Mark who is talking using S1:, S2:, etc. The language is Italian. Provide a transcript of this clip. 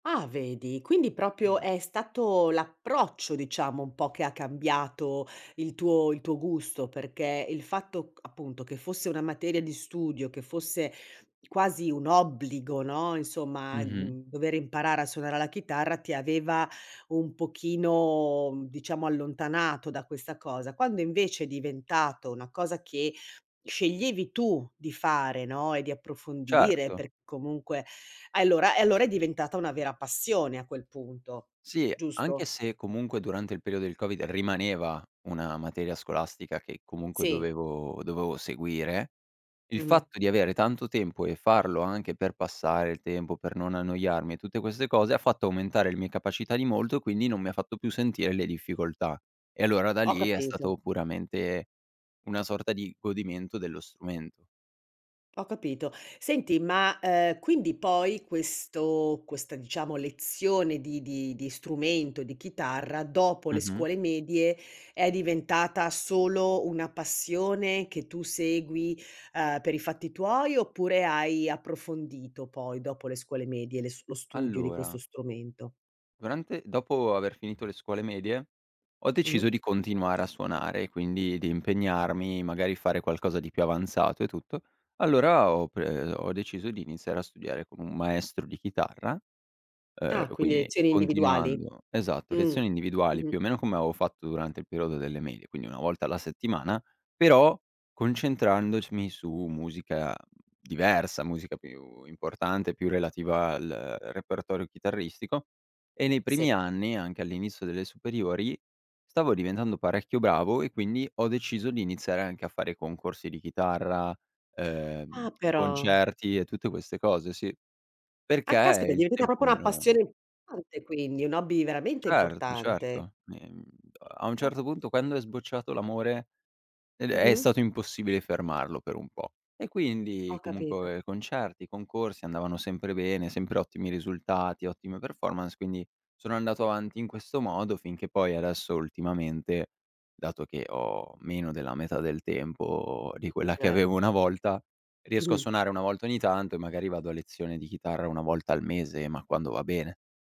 S1: Ah vedi, quindi proprio
S2: [unintelligible]
S1: è stato l'approccio diciamo un po' che ha cambiato il tuo il tuo gusto, perché il fatto, c appunto che fosse una materia di studio, che fosse quasi un obbligo, no, insomma,
S2: Mh-mh.
S1: mhmm, dover imparare a suonare la chitarra ti aveva un pochino, mhmm, diciamo allontanato da questa cosa. Quando invece, è diventato una cosa che sceglievi tu di fare, no, e di approfondire
S2: Certo.
S1: per comunque allora e allora è diventata una vera passione a quel punto,
S2: Sì, anche
S1: giusto?
S2: se comunque durante il periodo del Covid rimaneva una materia scolastica che comunque
S1: Sì.
S2: dovevo dovevo seguire, il
S1: Mh-mh.
S2: fatto di avere tanto tempo e farlo anche per passare il tempo, per non annoiarmi e tutte queste cose, ha fatto aumentare le mie capacità di molto, quindi non mi fatto più sentire le difficoltà. E allora da
S1: Ho
S2: lì è
S1: capito.
S2: stato puramente una sorta di godimento dello strumento.
S1: Ho capito. Senti, ma, ehm, quindi poi, questo questa diciamo lezione di di di strumento, di chitarra dopo le
S2: Mh-mh.
S1: scuole medie è diventata solo una passione che tu segui, uhm, per i fatti tuoi oppure, hai approfondito poi dopo le scuole medie le s lo studio di questo
S2: Allora
S1: strumento?
S2: durante dopo aver finito le scuole medie, ho deciso
S1: Mh-mh.
S2: di continuare a suonare, e quindi di impegnarmi magari fare qualcosa di più avanzato e tutto. Allora ho pre ho deciso di iniziare a studiare con un maestro di chitarra, uhm,
S1: Ah quindi
S2: quindi
S1: lezioni individuali,
S2: continuando esatto,
S1: mh.
S2: lezioni individuali
S1: Mh-mh.
S2: più o meno come avevo fatto durante il periodo delle medie, quindi 1 volta alla settimana, però concentrandoc mi su musica diversa, musica più importante, più relativa al, uhm, repertorio chitarristico e nei
S1: Sì.
S2: primi anni anche all'inizio delle superiori, stavo diventando parecchio bravo e quindi ho deciso di iniziare anche a fare concorsi di chitarra,
S1: Ah
S2: ehm,
S1: però.
S2: concerti e tutte queste cose, sì.
S1: Ah
S2: Perché
S1: caspita, è
S2: il
S1: diventata
S2: tempo
S1: proprio
S2: me
S1: una
S2: lo
S1: passione [unintelligible] quindi, un hobby veramente
S2: Certo,
S1: importante.
S2: certo. Ehm, a un
S1: [unintelligible]
S2: certo punto, quando è sbocciato l'amore, ed è
S1: Mh-mh.
S2: stato impossibile fermarlo per un po'. E quindi,
S1: Ho capito.
S2: comunque concerti, concorsi, andavano sempre bene, sempre ottimi risultati, ottime performance, quindi sono andato avanti in questo modo finché poi adesso ultimamente, dato che ho meno della metà del tempo di quella che
S1: Eh.
S2: avevo una volta, riesco a
S1: Mh-mh.
S2: suonare 1 volta ogni tanto e magari vado a lezione di chitarra 1 volta al mese, ma quando va bene.